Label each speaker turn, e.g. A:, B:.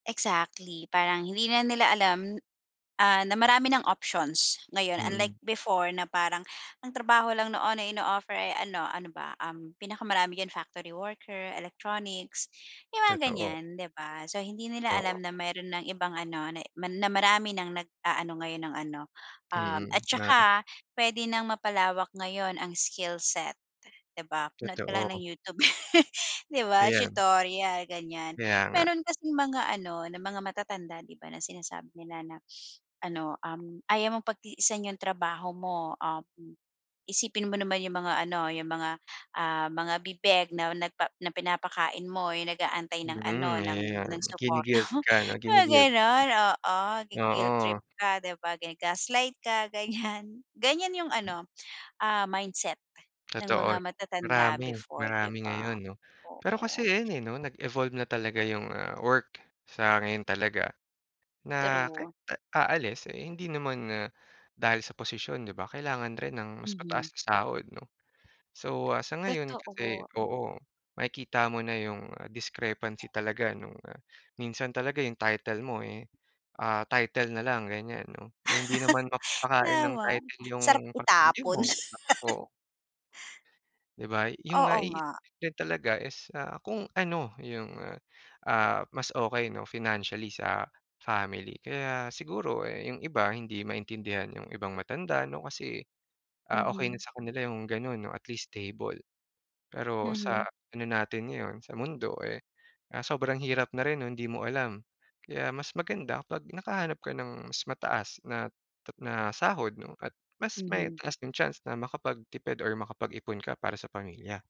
A: Exactly parang hindi na nila alam, ah, na marami ng options ngayon unlike
B: Mm.
A: before na parang ang trabaho lang noon na ino-offer ay ano ano ba, um, pinaka-marami diyan factory worker, electronics, yung mga
B: Totoo.
A: ganyan 'di ba, so hindi nila
B: Oo.
A: alam na meron ng ibang ano, na marami ng nag-aano ngayon ng ano, um, at
B: Mm, na
A: tsaka pwede nang mapalawak ngayon ang skill set di ba? Manood ka lang ng
B: Totoo.
A: YouTube di ba
B: Ayan.
A: tutorial ganyan,
B: Kaya nga.
A: meron kasing mga ano na mga matatanda di ba na sinasabi nila na ano um, ayaw mong pagtiisan yung trabaho mo um, isipin mo naman yung mga ano, yung mga, ah, mga bibeg na, nagpa na pinapakain mo yung nag-aantay ng ano
B: Mm,
A: ng
B: ayan
A: ng supporta
B: gi-ni-guilt
A: mo
B: ka no
A: mga
B: gi-ni-guilt [unintelligible]
A: ganon oo gui-guilt trip
B: Oo.
A: ka di ba gaslight ka ganyan, ganyan yung ano, ah, mindset ng mga
B: Totoo,
A: matatanda
B: marami
A: before di
B: marami
A: ba?
B: ngayon no, pero kasi
A: Oo.
B: ayun, eh, no, nag-evolve na talaga yung, ah, work sa ngayon talaga. Na kahit
A: True.
B: aalis, eh, hindi naman na dahil sa posisyon di ba kailangan rin ng mas
A: Mhm.
B: mataas na sahod no. So, ah, sa ngayon kasi
A: Totoo.
B: oo makikita mo na yung, ah, discrepancy talaga nung, ah, minsan talaga yung title mo eh, ah, title na lang ganyan no, eh, hindi naman mapapakain ng
A: Tama,
B: title yung
A: sarap
B: pamilya
A: itapon.
B: mo di ba? Oo. Di ba, yung
A: Oo
B: nga i
A: nga.
B: i din talaga is, ah, kung ano yung, ah ah, mas okey no financially sa family kaya siguro, eh, yung iba hindi maintindihan yung ibang matanda no kasi, ah, okey na
A: Mhm.
B: sa kanila yung ganon no at least stable. Pero sa
A: Mhm.
B: ano natin ngayon sa mundo, eh, ah, sobrang hirap na rin hindi mo alam. Kaya mas maganda pag nakahanap ka ng mas mataas na na sahod no at mas may
A: Mhm.
B: lasting chance na makapag-tipid or makapag-ipon ka para sa pamilya.